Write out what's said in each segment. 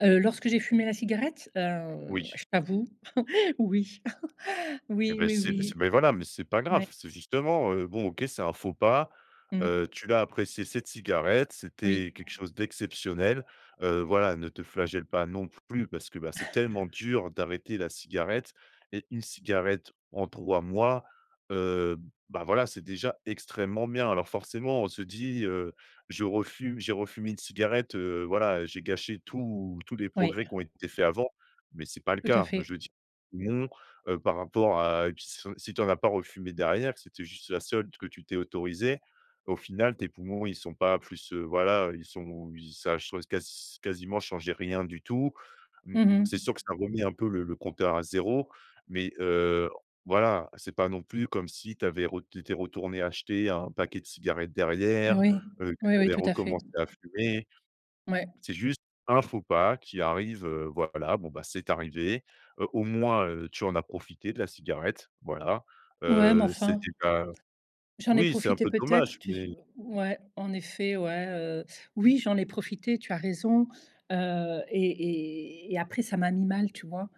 Heu, lorsque j'ai fumé la cigarette, heu, Oui. je t'avoue, oui. Eh Oui, beh, oui, c'est c'est oui. mais voilà, mais c'est pas grave, Ouais c'est justement, heu, bon OK, c'est un faux pas, Mmh. heu, tu l'as appréciée cette cigarette, Oui. c'était quelque chose d'exceptionnel. Heu, voilà ne te flagelle pas non plus parce que, bah c'est tellement dur d'arrêter la cigarette et 1 cigarette en 3 mois, heu, bah voilà, c'est déjà extrêmement bien! Alors forcément on se dit, heu: «Je refume, j'ai refumé une cigarette, heu, voilà j'ai gâché tous tous les Oui. progrès qu'ont été faits avant» mais c'est pas le Tout à cas. fait. Je dis, non, heu, par rapport à b si tu en as pas refumé derrière, que c'était juste la seule que tu t'es autorisée. Au final tes poumons, ils sont pas plus, heu voilà, ils sont ils ça a ch casi quasiment changé rien du tout. Mmh Mmh mh. c'est sûr que ça remet un peu le le compteur à 0, mais, heu, voilà, c'est pas non plus comme si tu avais retour tu étais retournée acheter un paquet de cigarettes Eh derrière. oui, Heu, que oui tu oui avais tout à fait. recommencé à fumer, Ouais. c'est juste un faux pas qui arrive, heu voilà bon, bah, c'est arrivé, heu, au moins, heu, tu en as profité de la cigarette, voilà, Ouais heu, m'enfin. c'était ta J'en ai oui c'est un profité peu peut-être dommage, tu s mais ouais en effet ouais, heu. Oui j'en ai profité tu as raison. Heu et et et après, ça m'a mis mal, tu vois?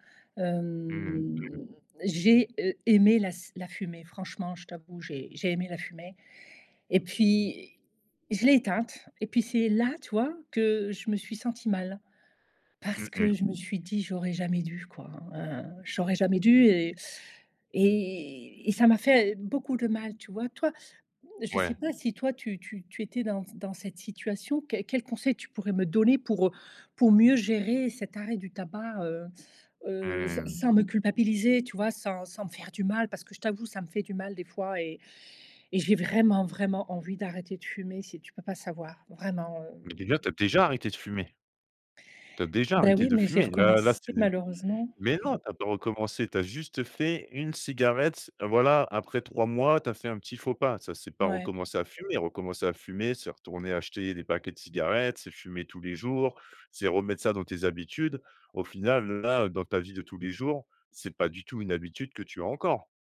Mmh mh. Mmh. Hem, j'ai, heu, aimé la s la fumer, franchement, je t'avoue, j'ai j'ai aimé la fumer et puis, je l'ai éteinte et puis, c'est là, tu vois, que je me suis sentie mal. Mmh Parce que mh. je me suis dit: «J'aurais jamais dû quoi, heu, j'aurais jamais dû», heu, et et et ça m'a fait beaucoup de mal, tu vois? Toi je sais Ouais. pas si toi, tu tu tu étais dans c dans cette situation qué quels conseils tu pourrais me donner pour, heu, pour mieux gérer cet arrêt du tabac, heu heu, s Mmh. sans me culpabiliser tu vois? Sans sans me faire du mal, parce que je t'avoue ça me fait du mal des fois et et j'ai vraiment, vraiment envie d'arrêter de fumer, c'est tu peux pas savoir vraiment, Mais déjà, hem tu as déjà arrêté de fumer! Tu as déjà Bah, arrêté oui, de mais j'ai fumer. Là là recommencé c'est malheureusement. mais non tu as pas recommencé! Tu as juste fait 1 cigarette, voilà après 3 mois tu as fait un petit faux pas, ça c'est pas Ouais. recommencer à fumer! Recommencer à fumer, c'est retourner acheter des paquets de cigarettes, c'est fumer tous les jours, c'est remettre ça dans tes habitudes. Au final, là, heu, dans ta vie de tous les jours, c'est pas du tout une habitude que tu as encore.